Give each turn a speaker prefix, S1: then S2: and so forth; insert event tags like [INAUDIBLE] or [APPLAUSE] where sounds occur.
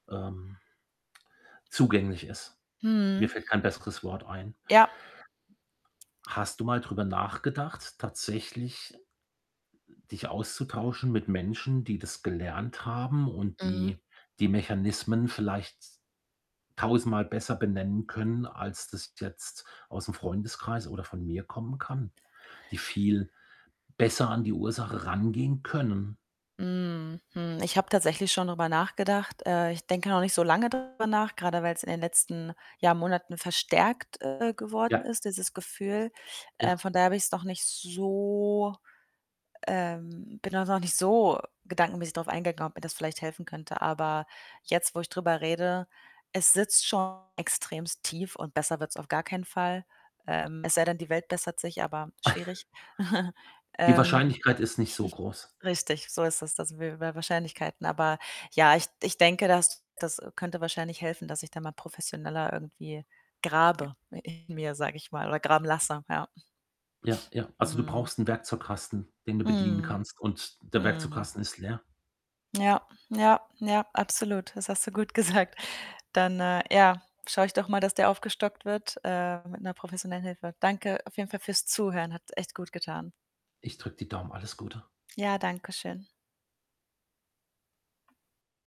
S1: Ähm zugänglich ist. Mir
S2: Mhm.
S1: fällt kein besseres Wort ein.
S2: Ja.
S1: Hast du mal drüber nachgedacht, tatsächlich, äh, dich auszutauschen mit Menschen, die das gelernt haben und
S2: Mhm.
S1: die die Mechanismen vielleicht tausendmal besser benennen können, als das jetzt ausm Freundeskreis oder von mir kommen kann, die viel besser an die Ursache rangehen können?
S2: Mhm, hm, ich habe tatsächlich schon drüber nachgedacht. Äh, ich denke noch nicht so lange darüber nach, grade weil's in den letzten, ja, Monaten verstärkt, äh, geworden
S1: Ja.
S2: ist, dieses Gefühl. Äh,
S1: Ja.
S2: von daher habe ich's noch nicht so ähm, bin da noch nicht so gedankenmäßig drauf eingegangen, ob mir das vielleicht helfen könnte. Aber jetzt, wo ich drüber rede, es sitzt schon extrem tief und besser wird's auf gar keinen Fall, ähm, es sei denn, die Welt bessert sich, aber
S1: [SNORTS]
S2: schwierig. [CHUCKLES]
S1: Die
S2: Ähm,
S1: Wahrscheinlichkeit ist nicht so
S2: [SNORTS]
S1: groß.
S2: richtig, so ist das. Das sind wir wieder bei Wahrscheinlichkeiten, aber ja, ich ich denke, das das könnte wahrscheinlich helfen, dass ich da mal professioneller irgendwie grabe in mir, sage ich mal, oder graben lasse, ja. [SNORTS]
S1: Ja, ja. Also, du
S2: Mhm.
S1: brauchst 'n Werkzeugkasten, den du bedienen
S2: Mhm.
S1: kannst und der
S2: Mhm.
S1: Werkzeugkasten ist leer.
S2: Ja, ja, ja, absolut. Das hast du gut gesagt. Dann, äh, ja, schaue ich doch mal, dass der aufgestockt wird, äh, mit 'ner professionellen Hilfe. Danke auf jeden Fall fürs Zuhören. Hat echt gut getan.
S1: Ich drücke die Daumen. Alles Gute.
S2: Ja, danke schön.